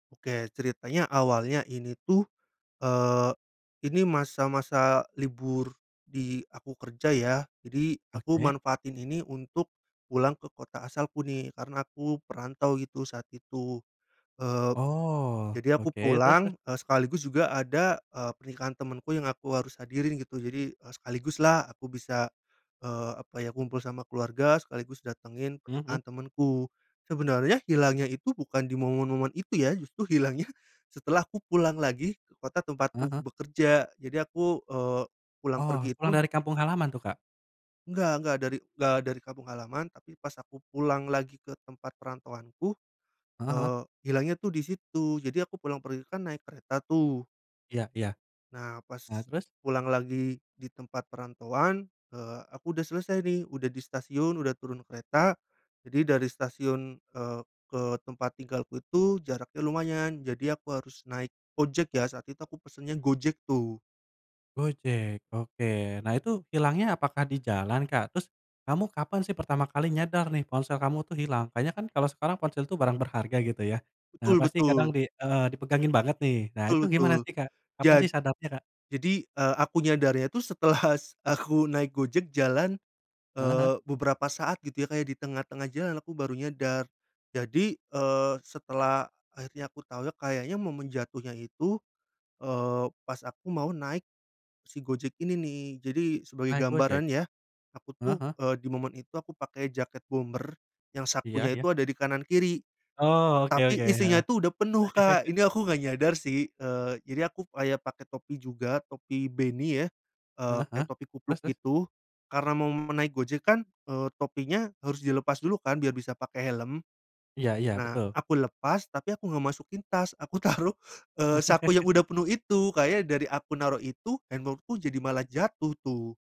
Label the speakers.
Speaker 1: Oke ceritanya awalnya ini tuh, eee, ini masa-masa libur di aku kerja ya, jadi aku
Speaker 2: Oke.
Speaker 1: manfaatin ini untuk pulang ke kota asalku nih karena aku perantau gitu saat itu, eee,
Speaker 2: Oh,
Speaker 1: jadi aku
Speaker 2: oke. Terus terus?
Speaker 1: pulang, eee, sekaligus juga ada, eee, pernikahan temenku yang aku harus hadirin gitu jadi, eee, sekaligus lah aku bisa, eee, apa ya, kumpul sama keluarga sekaligus datengin
Speaker 2: Mmm mmm.
Speaker 1: pernikahan temenku. Sebenarnya hilangnya itu bukan di momen-momen itu ya, justru hilangnya setelah aku pulang lagi ke kota
Speaker 2: Heeh
Speaker 1: tempatku
Speaker 2: heeh.
Speaker 1: bekerja jadi aku, eee, pulang
Speaker 2: Oh
Speaker 1: pergi
Speaker 2: pulang
Speaker 1: itu
Speaker 2: dari kampung halaman tuh Kak?
Speaker 1: Enggak enggak dari da dari kampung halaman, tapi pas aku pulang lagi ke tempat perantauanku,
Speaker 2: Heeh heeh.
Speaker 1: eee, hilangnya tuh di situ, jadi aku pulang pergi kan naik kereta tuh.
Speaker 2: Iya iya.
Speaker 1: Nah pas
Speaker 2: Nah terus?
Speaker 1: pulang lagi di tempat perantauan, eee, aku udah selesai nih, udah di stasiun udah turun kereta, jadi dari stasiun, eee, ke tempat tinggalku itu jaraknya lumayan, jadi aku harus naik ojek ya, saat itu aku pesennya Gojek tuh.
Speaker 2: Gojek oke. Nah itu hilangnya apakah di jalan, Kak? Terus kamu kapan sih pertama kali nyadar nih ponsel kamu tuh hilang? Kayaknya kan kalau sekarang ponsel tuh barang berharga gitu ya. Nah
Speaker 1: Betul
Speaker 2: pasti
Speaker 1: betul.
Speaker 2: kadang di heeh dipegangin banget nih. Nah
Speaker 1: Betul
Speaker 2: itu
Speaker 1: betul,
Speaker 2: gimana sih, Kak? Kapan
Speaker 1: jad
Speaker 2: sih sadarnya, Kak?
Speaker 1: jadi, eee, aku nyadarnya tuh setelah aku naik Gojek jalan,
Speaker 2: Heeh heeh.
Speaker 1: eee, beberapa saat gitu ya, kayak di tengah-tengah jalan aku baru nyadar jadi, eee, setelah akhirnya aku tau ya kayaknya momen jatuhnya itu, eee, pas aku mau naik si Gojek ini nih. Jadi sebagai
Speaker 2: Naik Gojek.
Speaker 1: gambaran ya aku tuh,
Speaker 2: Heeh heeh.
Speaker 1: eee, di momen itu aku pakai jaket bomber yang sakunya
Speaker 2: Iya
Speaker 1: itu
Speaker 2: iya.
Speaker 1: ada di kanan kiri,
Speaker 2: Oh oke
Speaker 1: tapi
Speaker 2: oke
Speaker 1: isinya
Speaker 2: heeh.
Speaker 1: itu udah penuh Kak, ini aku gak nyadar sih, eee, jadi aku kayak pake topi juga, topi beanie ya, eee,
Speaker 2: Heeh heeh.
Speaker 1: kayak topi kupluk
Speaker 2: Terus terus?
Speaker 1: gitu, karena mau naik Gojek kan, eee, topinya harus dilepas dulu kan biar bisa pakai helm.
Speaker 2: Iya iya
Speaker 1: Nah
Speaker 2: betul.
Speaker 1: aku lepas tapi aku gak masukin tas, aku taruh, eee, saku yang udah penuh itu, kayaknya dari aku naruh itu, handphone-ku jadi malah jatuh tuh.